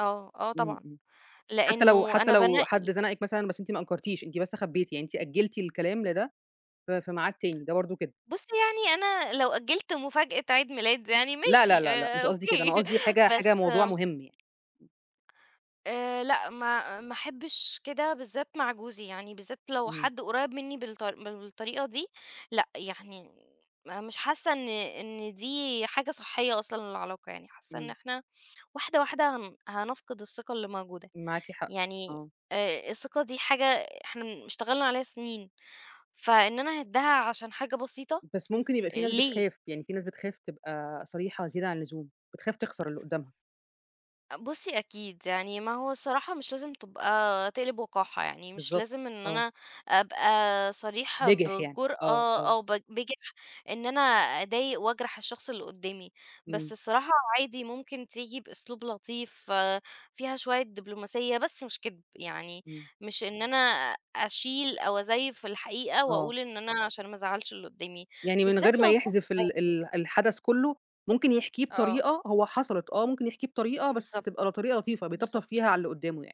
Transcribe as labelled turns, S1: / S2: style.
S1: آه، آه
S2: إمم،
S1: طبعًا،
S2: إمم، حتّى لو
S1: لإنه
S2: حتّى
S1: أنا
S2: لو حد
S1: بانقّي.
S2: زنقِك مثلًا بس أنتِ ما أنكرتيش، أنتِ بس خبّيتي، يعني أنتِ أجّلتي الكلام لده، في في ميعاد تاني، ده برضه كدب.
S1: بُصّي يعني أنا لو أجّلت مفاجأة عيد ميلاد يعني
S2: لا، لا،
S1: ماشي
S2: لا، لأ،
S1: آآ
S2: مش قصدي كده،
S1: أوكي،
S2: أنا قصدي حاجة حاجة
S1: بس
S2: موضوع
S1: آمم
S2: مهم يعني.
S1: آآ لأ ما ما أحبّش كده بالذات مع جوزي، يعني بالذات لو
S2: إمم.
S1: حد قريّب مني بالط بالطريقة دي، لأ يعني م مش حاسّة إن إن دي حاجة صحيّة أصلًا للعلاقة، يعني حاسّة إن
S2: إمم.
S1: إحنا واحدة، واحدة، هن هنفقد الثقة اللي موجودة،
S2: معاكِ حق،
S1: يعني
S2: آه.
S1: آآ الثقة دي حاجة إحنا اشتغلنا عليها سنين، فإن أنا أهِدّها عشان حاجة بسيطة،
S2: بس ممكن يبقى في ناس
S1: ليه؟
S2: بتخاف، يعني في ناس بتخاف تبقى صريحة زيادة عن اللزوم، بتخاف تخسر اللي قدّامها.
S1: بُصّي أكيد، يعني ما هو الصراحة مش لازم تبقى تقلب وقاحة، يعني مش
S2: بالضبط،
S1: لازم إن
S2: آه.
S1: أنا أبقى صريحة
S2: بجِح يعني، آه،
S1: بجرأة،
S2: آه.
S1: أو ب بجِح إن أنا أضايق وأجرح الشخص اللي قدّامي، بس
S2: إمم.
S1: الصراحة عادي ممكن تيجي بأسلوب لطيف، آآ فيها شوية دبلوماسية بس مش كدب، يعني
S2: إمم.
S1: مش إن أنا أشيل أو أزيّف في الحقيقة
S2: آه.
S1: وأقول إن أنا عشان ما ازعَّلش اللي قدّامي،
S2: يعني من
S1: بالذات
S2: غير ما
S1: لو الشخص
S2: يحذف ال
S1: [unintelligible]
S2: ال الحدث كلّه، ممكن يحكيه
S1: آه.
S2: بطريقة هو حصلت، آه ممكن يحكيه بطريقة بس
S1: بالضبط،
S2: تبقى ل طريقة لطيفة، بيطبطب
S1: بالضبط.
S2: فيها على اللي قدّامه يعني.